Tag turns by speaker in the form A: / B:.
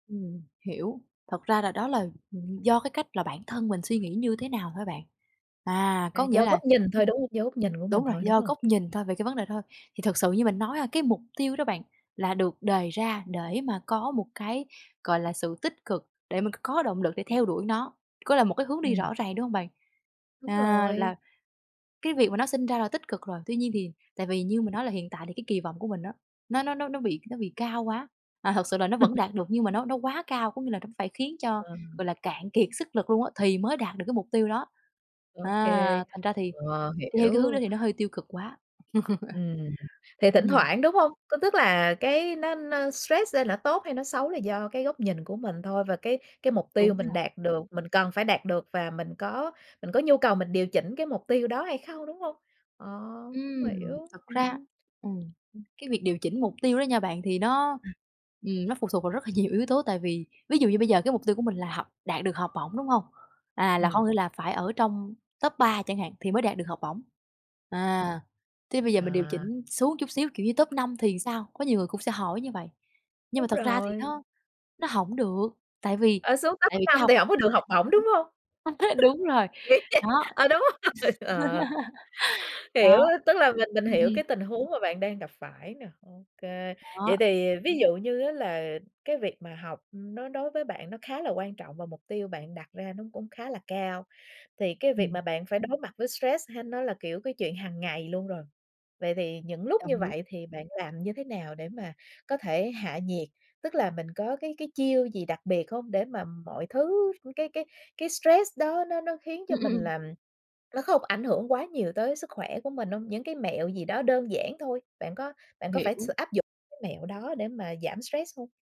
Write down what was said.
A: Ừm, hiểu. Thật ra là đó là, ừ, do cái cách là bản thân mình suy nghĩ như thế nào thôi bạn. À,
B: À,
A: có nghĩa
B: do góc
A: là,
B: nhìn
A: ừm
B: thôi, đúng hông? Do góc nhìn của mình
A: đúng rồi,
B: thôi, đúng
A: do
B: hông?
A: góc nhìn thôi, về cái vấn đề đó thôi. Thì thật sự như mình nói ha, cái mục tiêu đó bạn, là được đề ra để mà có một cái, gọi là, sự tích cực, để mình c có động lực để theo đuổi nó, có là một cái hướng đi
B: Ừm.
A: rõ ràng, đúng hông bạn?
B: Đúng
A: À,
B: rồi.
A: là cái việc mà nó sinh ra là tích cực rồi. Tuy nhiên thì tại vì như mình nói là hiện tại thì cái kỳ vọng của mình á, nó nó nó nó bị nó bị cao quá. À, thực sự là nó vẫn đạt được nhưng mà nó nó quá cao. Có nghĩa là nó phải khiến cho,
B: Ờ.
A: gọi là, cạn kiệt sức lực luôn á, thì mới đạt được cái mục tiêu đó.
B: Ô kê.
A: À, thành ra thì
B: Ờ,
A: đi theo cái hướng đó
B: hiểu.
A: thì nó hơi tiêu cực quá.
B: Ừm, thì thỉnh
A: Ừm.
B: thoảng, đúng hông? Có tức là cái nó nó stress lên là nó tốt hay nó xấu là do cái góc nhìn của mình thôi. Và cái cái mục tiêu
A: Đúng
B: mình
A: rồi.
B: đạt được, mình cần phải đạt được và mình có mình có nhu cầu mình điều chỉnh cái mục tiêu đó hay không, đúng hông? Ờ, cũng
A: Ừm,
B: hiểu,
A: thật ra,
B: ừm.
A: ừm,
B: Ừm.
A: cái việc điều chỉnh mục tiêu đó nha bạn, thì nó,
B: Ừm.
A: ừm, nó phụ thuộc vào rất là nhiều yếu tố. Tại vì, ví dụ như bây giờ cái mục tiêu của mình là học, đạt được học bổng, đúng hông? À, là
B: Ừm.
A: hông những là phải ở trong top 3 chẳng hạn thì mới đạt được học bổng.
B: Ừm.
A: À, thế bây giờ mình điều
B: À.
A: chỉnh xuống chút xíu, kiểu như top 5 thì sao? Có nhiều người cũng sẽ hỏi như vậy. Nhưng mà
B: Đúng
A: thực ra thì
B: rồi.
A: nó nó hổng được. Tại vì
B: Ờ, xuống top
A: tại vì cái
B: 5
A: học
B: thì hổng có được học bổng, đúng
A: [unintelligible]
B: hông?
A: đúng rồi,
B: Nghĩ
A: đó.
B: vậy ờ, đúng rồi, ờ. Hiểu
A: Đó,
B: á, tức là mình mình
A: ừm,
B: hiểu
A: ừm.
B: cái tình huống mà bạn đang gặp phải nè, OK.
A: Đó.
B: Vậy thì ví dụ như á là cái việc mà học nó đối với bạn nó khá là quan trọng và mục tiêu bạn đặt ra nó cũng khá là cao. Thì cái việc
A: Ừm.
B: mà bạn phải đối mặt với stress hay nó là, kiểu, cái chuyện hàng ngày luôn rồi. Vậy thì những lúc như
A: Đồng ý.
B: vậy thì bạn làm như thế nào để mà có thể hạ nhiệt? Tức là mình có cái cái chiêu gì đặc biệt hông, để mà mọi thứ cái cái cái stress đó nó nó khiến cho
A: Ừm, ừm,
B: mình
A: ừm.
B: làm nó không ảnh hưởng quá nhiều tới sức khỏe của mình hông? Những cái mẹo gì đó đơn giản thôi. Bạn có bạn có phải
A: Hiểu.
B: sử áp dụng cái mẹo đó để mà giảm stress hông?